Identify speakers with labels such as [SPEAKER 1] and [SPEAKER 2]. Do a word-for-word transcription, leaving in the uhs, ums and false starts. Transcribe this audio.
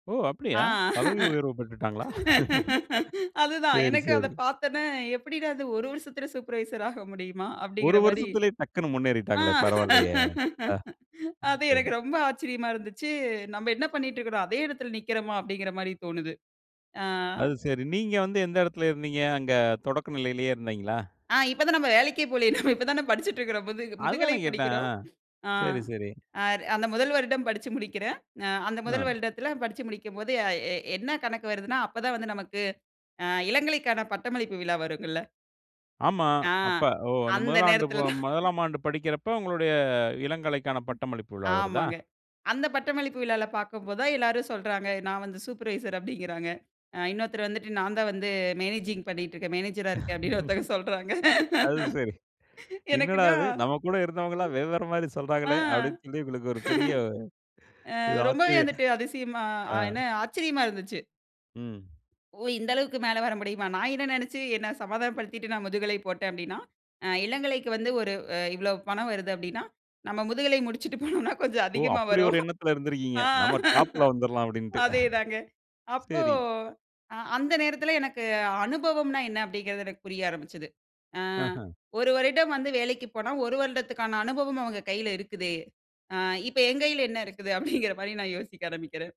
[SPEAKER 1] ஓ
[SPEAKER 2] ஆ
[SPEAKER 1] அப்டியா! பதவி உயர்வு பெற்றுட்டாங்களா?
[SPEAKER 2] அதுதான்
[SPEAKER 1] சரி,
[SPEAKER 2] எனக்கு அத
[SPEAKER 1] சரி.
[SPEAKER 2] பார்த்தோன, எப்படிடா அது ஒரு வருஷத்தில சூப்பர்வைசராக முடியுமா
[SPEAKER 1] ஒரு
[SPEAKER 2] அப்டிங்கிற மாரி.
[SPEAKER 1] வருஷத்திலேயே டக்குனு
[SPEAKER 2] ஆ
[SPEAKER 1] முன்னேறிட்டாங்களே பரவால்லயே. ஆ,
[SPEAKER 2] அது
[SPEAKER 1] சரி.
[SPEAKER 2] எனக்கு ரொம்ப ஆச்சரியமா இருந்துச்சு. நம்ப என்ன பண்ணிட்டுருக்கிறோம் அதே இடத்தில நிற்கிறோமா? அப்டிங்கிற மாரி தோணுது. ஆ.
[SPEAKER 1] அது சரி. நீங்க வந்து எந்த இடத்துல இருந்தீங்க? அங்க தொடக்க நிலையிலே இருந்தீங்களா?
[SPEAKER 2] ஆ இப்ப தான் நம்ம வேலைக்கே போலையே, நம்ம இப்போ தானே படிச்சிட்டுருக்கிறோம், முது
[SPEAKER 1] அது
[SPEAKER 2] முதுகலை
[SPEAKER 1] தானே கேட்டேன்,
[SPEAKER 2] படிக்கிறோம்.
[SPEAKER 1] ஆ
[SPEAKER 2] ஆ,
[SPEAKER 1] சரி, சரி.
[SPEAKER 2] அந்த முதல் வருடம் படிச்சு முடிக்கிறேன், ஆ அந்த
[SPEAKER 1] அ.
[SPEAKER 2] முதல் வருடத்தில படிச்சு முடிக்கும்போது அ எ என்ன கணக்கு வருதுன்னா, அப்பதான் வந்து நமக்கு, ஆ. இளங்கலைக்கான பட்டமளிப்பு விழா வருங்கள்ல.
[SPEAKER 1] ஆமா,
[SPEAKER 2] ஆ
[SPEAKER 1] அப்ப ஓ அந்த
[SPEAKER 2] அந்த
[SPEAKER 1] முதலாண்டு
[SPEAKER 2] நேரத்தில தான்.
[SPEAKER 1] முதலாம் ஆண்டு படிக்கிறப்ப, உங்களுடைய இளங்கலைக்கான பட்டமளிப்பு விழா வருதா?
[SPEAKER 2] ஆமாங்க. அந்த பட்டமளிப்பு விழால பார்க்கும்போது தான் எல்லாரும் சொல்றாங்க, நான் வந்து சூப்பர்வைசர் அப்டின்கிறாங்க, அ இன்னொருத்தர் வந்துட்டு நான் தான் வந்து மேனேஜிங் பண்ணிட்டு இருக்கேன், மேனேஜர் அ இருக்கேன் அப்டினு ஒருத்தங்க சொல்றாங்க.
[SPEAKER 1] அது சரி. என்னடா
[SPEAKER 2] எனக்குன்னா
[SPEAKER 1] இது நம்ம கூட இருந்தவங்கல்லாம் வெவ்வேறு மாரி
[SPEAKER 2] ஆ
[SPEAKER 1] சொல்றாங்களே, அப்டினு சொல்லி உங்களுக்கு ஒரு பெரிய,.
[SPEAKER 2] ஆ ரொம்பவே வந்துட்டு அதிசயமா
[SPEAKER 1] [unintelligible] ஆ.
[SPEAKER 2] என்ன ஆச்சரியமா இருந்துச்சு.
[SPEAKER 1] ம்.
[SPEAKER 2] ஓ! இந்த அளவுக்கு மேல வர முடியுமா? நான் என்ன நெனைச்சு என்னை சமாதானம் படுத்திட்டு, நான் முதுகலை போட்டேன் அப்டினா, இளங்கலைக்கு வந்து ஒரு இவ்வளோ பணம் வருது அப்டினா, நம்ம முதுகலை முடிச்சிட்டு போனோனா கொஞ்சம்
[SPEAKER 1] ஓ!
[SPEAKER 2] அதிகமா
[SPEAKER 1] அப்புடி ஒரு
[SPEAKER 2] வரும்.
[SPEAKER 1] எண்ணத்தில இருந்திருக்கிறீங்க,
[SPEAKER 2] ஆ.
[SPEAKER 1] நம்ம டாப்ல வந்துரலாம் அப்டின்ட்டு.
[SPEAKER 2] அதேதாங்க. அப்போ
[SPEAKER 1] சரி.
[SPEAKER 2] அந்த நேரத்தில எனக்கு அனுபவம்னா என்ன அப்டிங்குறது எனக்கு புரிய ஆரம்பிச்சது. ஆ,
[SPEAKER 1] ஆஹ.
[SPEAKER 2] ஒரு வருடம் வந்து வேலைக்கு போனா ஒரு வருடத்துக்கான அனுபவம் அவங்க கையில இருக்குது, ஆ இப்ப என் கையில என்ன இருக்குது அப்டிங்கிற மாரி நான் யோசிக்க ஆரம்பிக்கிறேன்.